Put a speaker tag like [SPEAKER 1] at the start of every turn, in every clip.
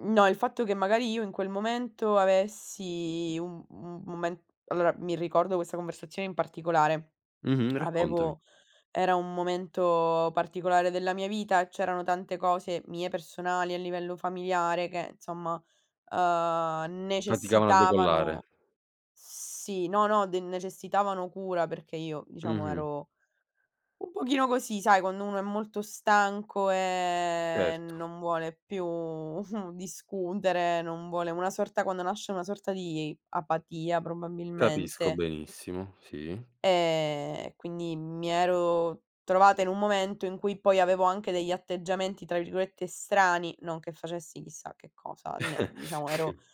[SPEAKER 1] No, il fatto che magari io in quel momento avessi un mhmm, mome allora, mi ricordo questa conversazione in particolare,
[SPEAKER 2] Mh-mh, raccontami.
[SPEAKER 1] avevo era un momento particolare della mia vita, c'erano tante cose mie personali a livello familiare che insomma, uhm,
[SPEAKER 2] Faticavano a
[SPEAKER 1] necessitavano
[SPEAKER 2] decollare.
[SPEAKER 1] sì, no, no, de necessitavano cura perché io, diciamo,
[SPEAKER 2] Mh-mh.
[SPEAKER 1] ero un pochino così, sai quando uno è molto stanco e
[SPEAKER 2] Certo.
[SPEAKER 1] non vuole più discutere, non vuole una sorta quando nasce una sorta di apatia,
[SPEAKER 2] Capisco
[SPEAKER 1] probabilmente
[SPEAKER 2] benissimo, sì.
[SPEAKER 1] e quindi mi ero trovata in un momento in cui poi avevo anche degli atteggiamenti, tra virgolette, "strani", non che facessi chissà che cosa, ne diciamo ero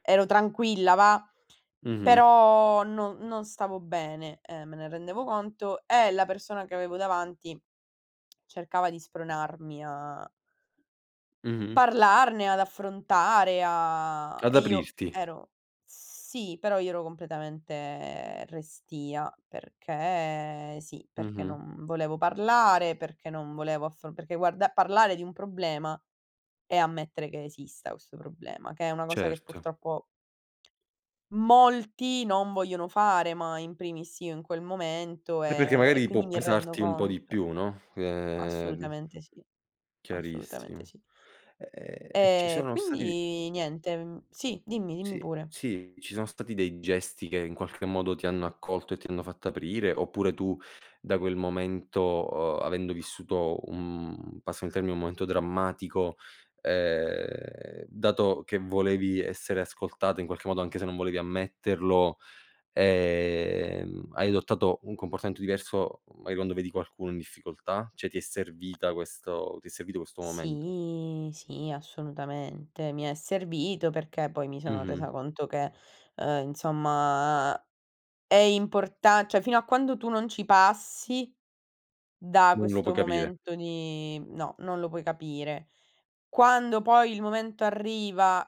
[SPEAKER 1] ero tranquilla, va.
[SPEAKER 2] Mh-mh.
[SPEAKER 1] Però, non non stavo bene, uhm, me ne rendevo conto e la persona che avevo davanti cercava di spronarmi a
[SPEAKER 2] Mh-mh.
[SPEAKER 1] parlarne, ad affrontare, a
[SPEAKER 2] Ad
[SPEAKER 1] e io
[SPEAKER 2] aprirti.
[SPEAKER 1] ero sì, però io ero completamente restia, perché sì, perché
[SPEAKER 2] Mh-mh.
[SPEAKER 1] non volevo parlare, perché non volevo affro perché guarda parlare di un problema e ammettere che esista, questo problema, che è una cosa che
[SPEAKER 2] Certo.
[SPEAKER 1] purtroppo molti non vogliono fare, ma in primis io in quel momento
[SPEAKER 2] E perché
[SPEAKER 1] e e e
[SPEAKER 2] magari
[SPEAKER 1] quindi
[SPEAKER 2] può
[SPEAKER 1] mi rendo
[SPEAKER 2] pesarti un po' di
[SPEAKER 1] conto.
[SPEAKER 2] più, no. Ehm
[SPEAKER 1] Assolutamente sì, assolutamente
[SPEAKER 2] Chiarissimo.
[SPEAKER 1] sì.
[SPEAKER 2] Ehm, ci
[SPEAKER 1] Eh,
[SPEAKER 2] sono stati
[SPEAKER 1] quindi niente, mhmm sì, dimmi, dimmi
[SPEAKER 2] Sì,
[SPEAKER 1] pure.
[SPEAKER 2] sì, ci son stati dei gesti che, in qualche modo, ti hanno accolto e ti hanno fatto aprire? Oppure tu da quel momento, uhm, avendo vissuto un passami il termine, un momento drammatico, ehm, dato che volevi essere ascoltata in qualche modo anche se non volevi ammetterlo, ehm, hai adottato un comportamento diverso magari quando vedi qualcuno in difficoltà? Cioè, ti è servita questo ti è servito questo momento?
[SPEAKER 1] Sì, sì, assolutamente. Mi è servito, perché poi mi sono
[SPEAKER 2] Mh-mh.
[SPEAKER 1] resa conto che, uhm, insomma è importan cioè fino a quando tu non ci passi da
[SPEAKER 2] Non lo puoi
[SPEAKER 1] questo
[SPEAKER 2] capire.
[SPEAKER 1] momento di no, non lo puoi capire. Quando poi il momento arriva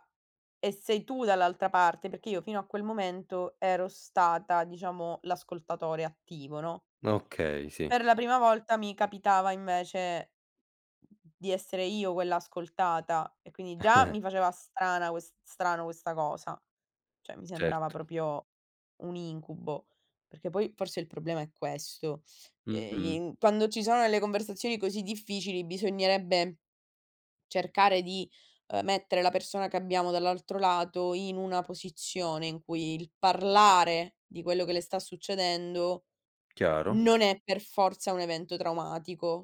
[SPEAKER 1] e sei tu dall'altra parte perché io fino a quel momento ero stata, diciamo, l'ascoltatore attivo, no?
[SPEAKER 2] Okay, sì.
[SPEAKER 1] Per la prima volta mi capitava invece di essere io quella ascoltata e quindi già mi faceva strana ques strano questa cosa, cioè mi sembrava
[SPEAKER 2] Certo.
[SPEAKER 1] proprio un incubo, perché poi forse il problema è questo. E
[SPEAKER 2] Mh-mh.
[SPEAKER 1] in quando ci sono delle conversazioni così difficili bisognerebbe cercare di, uhm, mettere la persona che abbiamo dall'altro lato, in una posizione in cui il parlare di quello che le sta succedendo,
[SPEAKER 2] Chiaro.
[SPEAKER 1] non è per forza un evento traumatico.